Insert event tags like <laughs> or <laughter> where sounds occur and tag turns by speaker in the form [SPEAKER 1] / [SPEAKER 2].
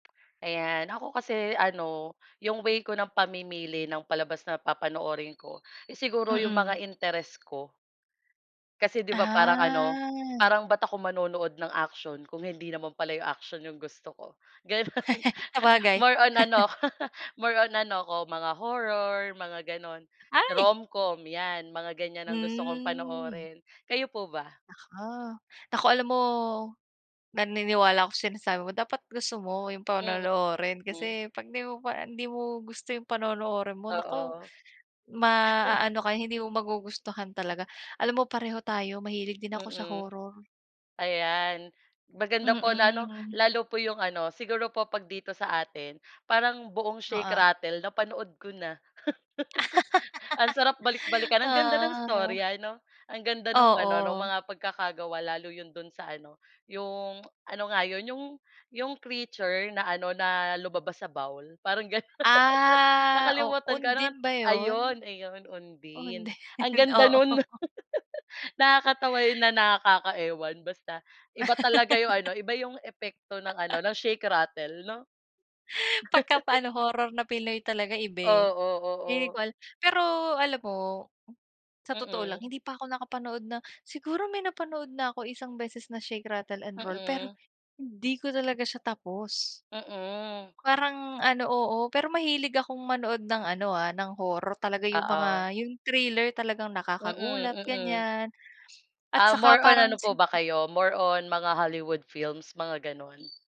[SPEAKER 1] Ayan, ako kasi ano, yung way ko ng pamimili ng palabas na papanoorin ko, eh, siguro yung
[SPEAKER 2] Mm.
[SPEAKER 1] mga interes ko. Kasi 'di ba parang ano,
[SPEAKER 2] Ah.
[SPEAKER 1] parang ba't ako manonood ng aksiyon kung hindi naman pala 'yung aksiyon 'yong gusto ko, gano'n.
[SPEAKER 2] <laughs> Sabagay.
[SPEAKER 1] More on
[SPEAKER 2] <laughs>
[SPEAKER 1] ano ako more on ano ako mga horror, mga gano'n,
[SPEAKER 2] Ay!
[SPEAKER 1] rom-com, 'yan mga ganyan ang gusto kong
[SPEAKER 2] Hmm.
[SPEAKER 1] panoorin, kayo po ba?
[SPEAKER 2] Naku naku alam mo, naniniwala ako sinasabi mo dapat gusto mo yung
[SPEAKER 1] Mm,
[SPEAKER 2] panonoorin,
[SPEAKER 1] hmm.
[SPEAKER 2] kasi 'pag 'di mo pa hindi mo gusto yung panonoorin mo, naku,
[SPEAKER 1] Oo. <chuckles>
[SPEAKER 2] maaano ka, hindi mo magugustuhan talaga. Alam mo pareho tayo, mahilig din ako sa
[SPEAKER 1] Mm,
[SPEAKER 2] horror.
[SPEAKER 1] ayan, maganda po na ano,
[SPEAKER 2] Mm.
[SPEAKER 1] lalo po 'yong ano siguro po 'pag dito sa atin parang buong Shake
[SPEAKER 2] Oo.
[SPEAKER 1] Rattle napanood ko na. <chuckles> Ang sarap
[SPEAKER 2] <laughs>
[SPEAKER 1] balik-balikan, ang ganda ng
[SPEAKER 2] Oo.
[SPEAKER 1] istorya ano, ang ganda nung ano nong
[SPEAKER 2] Oo.
[SPEAKER 1] mga pagkakagawa lalo 'yon do'n sa ano, 'yong ano nga 'yon, 'yong 'yong creature na ano, na lumabas sa bowl, parang ganon. <laughs>
[SPEAKER 2] Ah, o
[SPEAKER 1] Nakalimutan ko ano nga't
[SPEAKER 2] Undin ba yun?
[SPEAKER 1] ayun ayun, Undin, ang
[SPEAKER 2] Undin,
[SPEAKER 1] ganda
[SPEAKER 2] oo.
[SPEAKER 1] nun. <laughs> Nakakatawa yun, na nakaka-ewan, basta iba talaga yung ano,
[SPEAKER 2] <laughs>
[SPEAKER 1] iba yung epekto ng
[SPEAKER 2] <chuckles>
[SPEAKER 1] ano, ng Shake Rattle 'no.
[SPEAKER 2] Pagka pa
[SPEAKER 1] <laughs>
[SPEAKER 2] ano horror na pinoy talaga iba eh.
[SPEAKER 1] 0o,
[SPEAKER 2] Hindi
[SPEAKER 1] oo.
[SPEAKER 2] ko alam pero alam mo, sa totoo lang
[SPEAKER 1] Mm.
[SPEAKER 2] hindi pa ako nakapanood na siguro may napanood na ako isang beses na Shake Rattle and Roll pero
[SPEAKER 1] Mm.
[SPEAKER 2] hindi ko talaga siya tapos.
[SPEAKER 1] Mm.
[SPEAKER 2] Parang ano oo, pero mahilig akong manood ng ano, ah, ng horror talaga yung
[SPEAKER 1] Oo.
[SPEAKER 2] mga, yung thriller talagang
[SPEAKER 1] Mm,
[SPEAKER 2] nakakagulat,
[SPEAKER 1] mm.
[SPEAKER 2] ganyan at
[SPEAKER 1] Ah,
[SPEAKER 2] saka
[SPEAKER 1] more on
[SPEAKER 2] parang
[SPEAKER 1] ano
[SPEAKER 2] si
[SPEAKER 1] po ba kayo more on mga Hollywood films mga, ganon?